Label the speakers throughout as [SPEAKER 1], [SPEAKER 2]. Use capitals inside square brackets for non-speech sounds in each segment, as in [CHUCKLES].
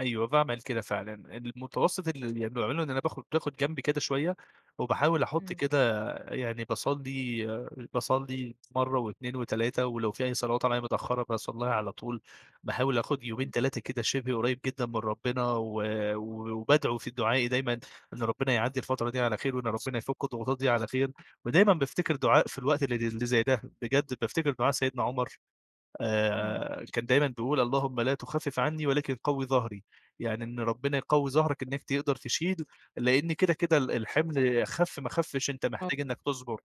[SPEAKER 1] أيوه باعمِل كده فعلًا، المتوسط اللي باعمله يعني إن أنا باخد باخد جنب كده شوية، وباحاول أحط
[SPEAKER 2] إمم.
[SPEAKER 1] كده يعني باصلّي باصلّي مرة و2 و3 ولو في أي صلوات عليّا متأخرة باصليها على طول، باحاول آخد يومين،
[SPEAKER 2] إمم.
[SPEAKER 1] 3 كده شِبه قريب جدًا من ربنا، و وبادعو في دعائي دايمًا إن ربنا يعدّي الفترة دي على خير، وإن ربنا يفك الضغوطات دي على خير. ودايمًا بافتكر دعاء في الوقت اللي اللي زي ده بجد بافتكر دعاء سيدنا عمر
[SPEAKER 2] إمم.
[SPEAKER 1] آآ كان دايمًا بيقول "اللهم لا تخفف عنّي، ولكن قوي ظهري." يعني إن ربنا يقوي ظهرك
[SPEAKER 2] [UNINTELLIGIBLE]
[SPEAKER 1] إنك تقدر تشيل، لإن كده كده ال الحِمل خف ما خفش أنت محتاج
[SPEAKER 2] [UNINTELLIGIBLE]
[SPEAKER 1] إنك تصبر.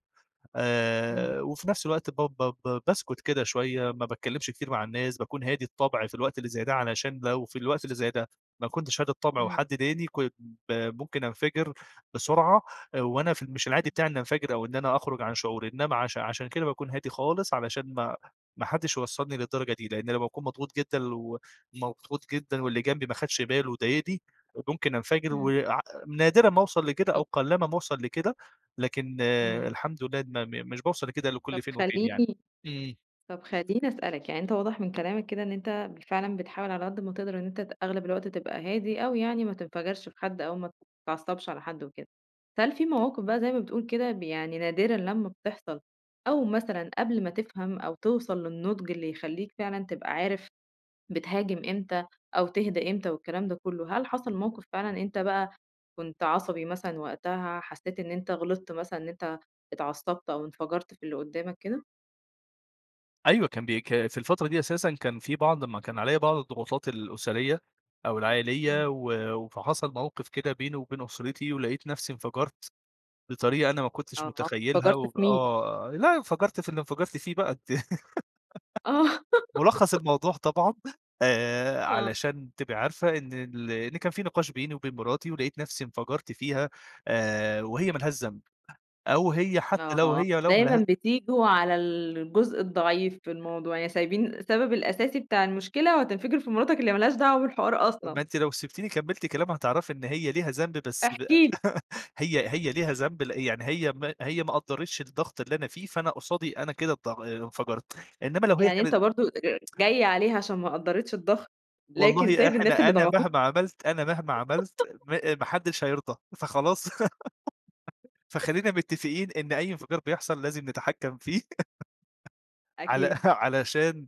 [SPEAKER 2] إمم.
[SPEAKER 1] آآ، وفي نفس الوقت ب ب ب باسكت كده شوية، ما باتكلمش كتير مع الناس، باكون هادي الطبع في الوقت اللي زي ده علشان لو في الوقت اللي زي ده ما كنتش هادي الطبع،
[SPEAKER 2] إمم.
[SPEAKER 1] وحد ضايقني كن ب ممكن انفجر بسرعة، آآ، وأنا في مش العادي
[SPEAKER 2] [UNINTELLIGIBLE]
[SPEAKER 1] بتاعي إني انفجر أو إن أنا أخرج عن شعوري، إنما عش عشان كده باكون هادي خالص، علشان ما ما حدش يوصلني للدرجة دي، لإن لمّا بأكون مضغوط جدًا، ومضغوط جدًا واللي جنبي ما خدش باله وضايقني، ممكن انفجر و
[SPEAKER 2] إمم.
[SPEAKER 1] ع نادرًا ما أوصل لكده، أو
[SPEAKER 2] [UNINTELLIGIBLE]
[SPEAKER 1] قلّما ما أوصل لكده، لكن
[SPEAKER 2] إمم.
[SPEAKER 1] الحمد لله، م م مش باوصل لكده إلّا
[SPEAKER 2] طَب
[SPEAKER 1] كل فين وفين يعني.
[SPEAKER 2] خليني
[SPEAKER 1] إمم.
[SPEAKER 2] طَب خليني أسألك يعني أنت واضح من كلامك كده إن أنت بال فعلًا بتحاول على قد ما تقدر إن أنت ت أغلب الوقت تبقى هادي أوي يعني ما تنفجرش في حد، أو ما تتعصبش على حد وكده، فهل في مواقِف بقى زي ما بتقُول كده ب يعني نادرًا لمّا بتحصل، أو مثلًا قبل ما تفهم أو توصل للنضج اللي يخليك فعلًا تبقى عارف بتهاجم إمتى أو تهدا إمتى والكلام ده كله، هل حصل موقِف فعلًا أنت بقى كنت عصبي مثلًا وقتها، حسيت إن أنت غلطت مثلًا إن أنت اتعصبت، أو انفجرت في اللي قدّامك كده؟
[SPEAKER 1] أيوه كان بي ك في الفترة دي أساسًا كان في بعض ما كان عليّا بعض الضغوطات الأسرية أو العائلية،
[SPEAKER 2] إمم.
[SPEAKER 1] و وفحصل موقِف كده بيني وبين أسرتي، ولقيت نفسي انفجرت بطريقة أنا ما كنتش
[SPEAKER 2] آه،
[SPEAKER 1] متخيلها،
[SPEAKER 2] انفجرت
[SPEAKER 1] و
[SPEAKER 2] في مين؟
[SPEAKER 1] آه لأ انفجرت في اللي انفجرت فيه بقى أنتِ
[SPEAKER 2] آه.
[SPEAKER 1] [GIGGLES] ملخّص
[SPEAKER 2] [GIGGLES]
[SPEAKER 1] الموضوع طبعًا آآ
[SPEAKER 2] آه.
[SPEAKER 1] علشان تبقى عارفة إن ال إن كان في نقاش بيني وبين مراتي، ولقيت نفسي انفجرت فيها آآ وهي
[SPEAKER 2] [UNINTELLIGIBLE]
[SPEAKER 1] ما لهاش ذنب، أو هي حتى لو
[SPEAKER 2] آه،
[SPEAKER 1] هي لو
[SPEAKER 2] دايمًا
[SPEAKER 1] مله
[SPEAKER 2] بتيجوا على الجزء الضعيف في الموضوع، يعني سايبين السبب الأساسي بتاع المشكلة، وهتنفجر في مراتك اللي ما لهاش دعوة بالحوار
[SPEAKER 1] ما
[SPEAKER 2] أصلًا.
[SPEAKER 1] أنتِ لو سِبتيني كملت كلام هتعرفي إن هي ليها ذنب بس
[SPEAKER 2] احكِ
[SPEAKER 1] بقى
[SPEAKER 2] لي.
[SPEAKER 1] [LAUGHS] هي هي ليها ذنب ل يعني هي ما هي ما قدرتش الضغط اللي أنا فيه، فأنا قصادي أنا كده الض انفجرت [TSK] إنما لو هي
[SPEAKER 2] يعني أنت
[SPEAKER 1] كانت
[SPEAKER 2] برضه أ أ
[SPEAKER 1] [TSK]
[SPEAKER 2] جاي عليها عشان ما قدّرتش الضغط، لكن
[SPEAKER 1] والله
[SPEAKER 2] سايب الناس
[SPEAKER 1] إحنا
[SPEAKER 2] اللي
[SPEAKER 1] أنا
[SPEAKER 2] ضغطوك.
[SPEAKER 1] مهما عملت أنا مهما عملت
[SPEAKER 2] [GIGGLES]
[SPEAKER 1] م آآ، ما حدش هيرضى، فخلاص [GIGGLES] فخلينا
[SPEAKER 2] [CHUCKLES]
[SPEAKER 1] متفقين إن أي انفجار بيحصل لازم نتحكم فيه، [LAUGHS] على
[SPEAKER 2] أكيد.
[SPEAKER 1] [CHUCKLES] علشان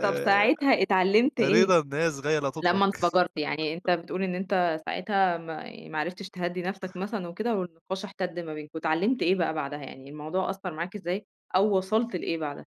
[SPEAKER 2] طَب ساعتها اتعلمت إيه؟
[SPEAKER 1] رضا الناس غاية لا تُدرك.
[SPEAKER 2] لمّا انفجرت، يعني أنت
[SPEAKER 1] [CHUCKLES]
[SPEAKER 2] بتقول إن أنت ساعتها ما ما عرفتش تهدّي نفسك
[SPEAKER 1] [CHUCKLES]
[SPEAKER 2] مثلًا وكده، والنقاش احتد ما بينكم. اتعلمت إيه بقى بعدها، يعني الموضوع أثّر معاك إزاي؟ أو وصلت لإيه بعدها؟